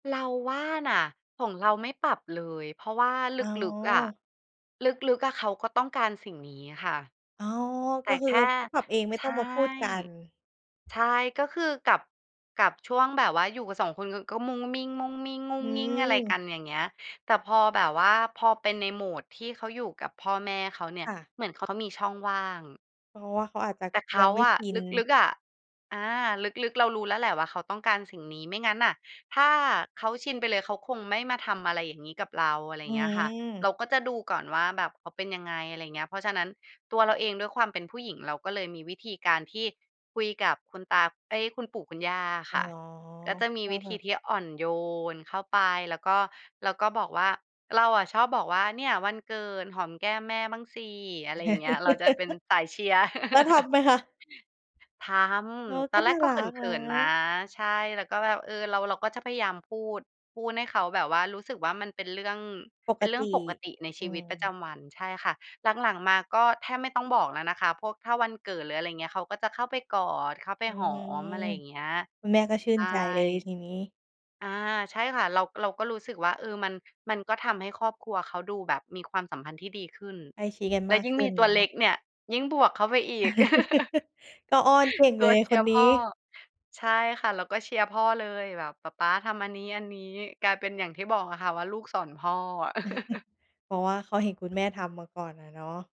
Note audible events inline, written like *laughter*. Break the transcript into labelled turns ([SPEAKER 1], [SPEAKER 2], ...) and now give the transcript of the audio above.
[SPEAKER 1] เราว่าน่ะ ของเราไม่ปรับเลย เพราะว่า
[SPEAKER 2] โ
[SPEAKER 1] ล
[SPEAKER 2] อ
[SPEAKER 1] ึก ๆ อะ
[SPEAKER 2] ้
[SPEAKER 1] ลึก ๆ อะเขาก็ต้องการสิ่งนี้ค่ะ
[SPEAKER 2] อ๋อ
[SPEAKER 1] แ
[SPEAKER 2] ก
[SPEAKER 1] ต
[SPEAKER 2] ็
[SPEAKER 1] ่
[SPEAKER 2] คื
[SPEAKER 1] แ
[SPEAKER 2] อ
[SPEAKER 1] ค
[SPEAKER 2] เข
[SPEAKER 1] ่
[SPEAKER 2] าปรับเอง ไม่
[SPEAKER 1] ใช
[SPEAKER 2] ต้อ
[SPEAKER 1] ่
[SPEAKER 2] งมาพูดกัน
[SPEAKER 1] ใช่ ก็คือกับ กับช่วงแบบว่าอยู่กัน 2 คน ก็มุ้งมิ้ง ๆ งุ้งง
[SPEAKER 2] อื
[SPEAKER 1] ิ้ง อะไรกั
[SPEAKER 2] ม
[SPEAKER 1] นอย่างเงี้ย แต่พอแบบว่าพอเป็นในโหมดที่เขาอยู่กับพ่อแม่เขาเนี่
[SPEAKER 2] ค
[SPEAKER 1] ย
[SPEAKER 2] ่ะ
[SPEAKER 1] เหมือนเขา เขามีช่องว่าง
[SPEAKER 2] เพราะว่าเขาอาจจะ
[SPEAKER 1] แต่เข
[SPEAKER 2] ยั
[SPEAKER 1] า
[SPEAKER 2] งไม่
[SPEAKER 1] อ
[SPEAKER 2] ช
[SPEAKER 1] ะ
[SPEAKER 2] ิน
[SPEAKER 1] ลึก ๆ อะ อา ลึก ๆ เรารู้แล้วแหละว่าเขาต้องการสิ่งนี้ ไม่งั้นน่ะถ้าเขาชินไปเลย เขาคงไม่มาทำอะไรอย่างงี้กับเรา อะไรอ
[SPEAKER 2] อ
[SPEAKER 1] ย่
[SPEAKER 2] ื
[SPEAKER 1] างเงี้ยค่ะ
[SPEAKER 2] ม
[SPEAKER 1] เราก็จะดูก่อนว่าแบบเขาเป็นยังไง อะไรอย่างเงี้ย เพราะฉะนั้นตัวเราเองด้วยความเป็นผู้หญิง เราก็เลยมีวิธีการที่คุยกับคุณตา เอ๊ย คุณปู่คุณย่าอะ
[SPEAKER 2] อ๋
[SPEAKER 1] ค
[SPEAKER 2] อ
[SPEAKER 1] ่ะ ก็จะมี
[SPEAKER 2] ก็
[SPEAKER 1] วิ
[SPEAKER 2] แบ
[SPEAKER 1] ธี
[SPEAKER 2] บ
[SPEAKER 1] ที่อ่อนโยนเข้าไป แล้วก็ แล้วก็บอกว่า เราอะชอบบอกว่า "เนี่ยวันเกิด หอมแก้มแม่บ้างสิ" อะไรอย่างเงี้ย เราจะเป็นสายเชียร์
[SPEAKER 2] *laughs* แล้วท
[SPEAKER 1] *laughs*
[SPEAKER 2] ำไหมคะ?
[SPEAKER 1] ท
[SPEAKER 2] เออ
[SPEAKER 1] ำ ต
[SPEAKER 2] ก
[SPEAKER 1] อ
[SPEAKER 2] ็
[SPEAKER 1] นแร
[SPEAKER 2] น่
[SPEAKER 1] ก
[SPEAKER 2] า
[SPEAKER 1] ก็
[SPEAKER 2] รั
[SPEAKER 1] เข
[SPEAKER 2] กน
[SPEAKER 1] ิน ๆ นะ
[SPEAKER 2] ะ
[SPEAKER 1] ใช่ แล้วก็แบบ เออ เรา เราก็จะพยายามพูด พูดให้เขาแบบว่ารู้สึกว่า มันเป็นเรื่อง
[SPEAKER 2] ป
[SPEAKER 1] เป
[SPEAKER 2] ก
[SPEAKER 1] ็นเรื่
[SPEAKER 2] ต
[SPEAKER 1] อ
[SPEAKER 2] ิ
[SPEAKER 1] งปกติใน
[SPEAKER 2] อ
[SPEAKER 1] ช
[SPEAKER 2] ื
[SPEAKER 1] ีวิตประจ
[SPEAKER 2] ม
[SPEAKER 1] ำวัน ใช่ค่ะ หลัง ๆ มาก็แทบไม่ต้องบอกแล้วนะคะ พวก ถ้าวันเกิดหรือ อะไรอย่างเงี้ย เขาก็จะเข้าไปกอด เข้าไป
[SPEAKER 2] อื
[SPEAKER 1] หอ
[SPEAKER 2] ม
[SPEAKER 1] ม อะไรอย่างเงี้ย
[SPEAKER 2] คุณแม่ก็ชื่
[SPEAKER 1] ใช
[SPEAKER 2] น
[SPEAKER 1] ่
[SPEAKER 2] ใจเลยทีนี้
[SPEAKER 1] อา ใช่ค่ะ เรา เราก็รู้สึกว่า เออ มัน มันก็ทำให้ครอบครัวเขาดูแบบมีความสัมพันธ์ที่ดีขึ้น
[SPEAKER 2] ใกล้ชิดกัน
[SPEAKER 1] และ
[SPEAKER 2] มาก
[SPEAKER 1] ยิ่ง
[SPEAKER 2] ขึ
[SPEAKER 1] ม
[SPEAKER 2] ้
[SPEAKER 1] ี
[SPEAKER 2] น
[SPEAKER 1] ต
[SPEAKER 2] เ
[SPEAKER 1] ั
[SPEAKER 2] นา
[SPEAKER 1] ว
[SPEAKER 2] ะ
[SPEAKER 1] เล็กเนี่ยยิ่งบวกเข้าไปอีก
[SPEAKER 2] *laughs* ก็อ้อนเก่ง
[SPEAKER 1] *laughs* ต
[SPEAKER 2] เล
[SPEAKER 1] ัว
[SPEAKER 2] ย
[SPEAKER 1] เช
[SPEAKER 2] ค
[SPEAKER 1] ีย
[SPEAKER 2] น
[SPEAKER 1] ร์พ
[SPEAKER 2] นี้
[SPEAKER 1] ่อ ใช่ค่ะ เราก็เชียร์พ่อเลยแบบปะป๊าทำอันนี้ ๆ กลายเป็นอย่างที่บอกอะค่ะว่าลูกสอนพ่อ *chuckles*
[SPEAKER 2] *chuckles* เพราะว่าเขาเห็นคุณแม่ทำมาก่อนอะเนาะ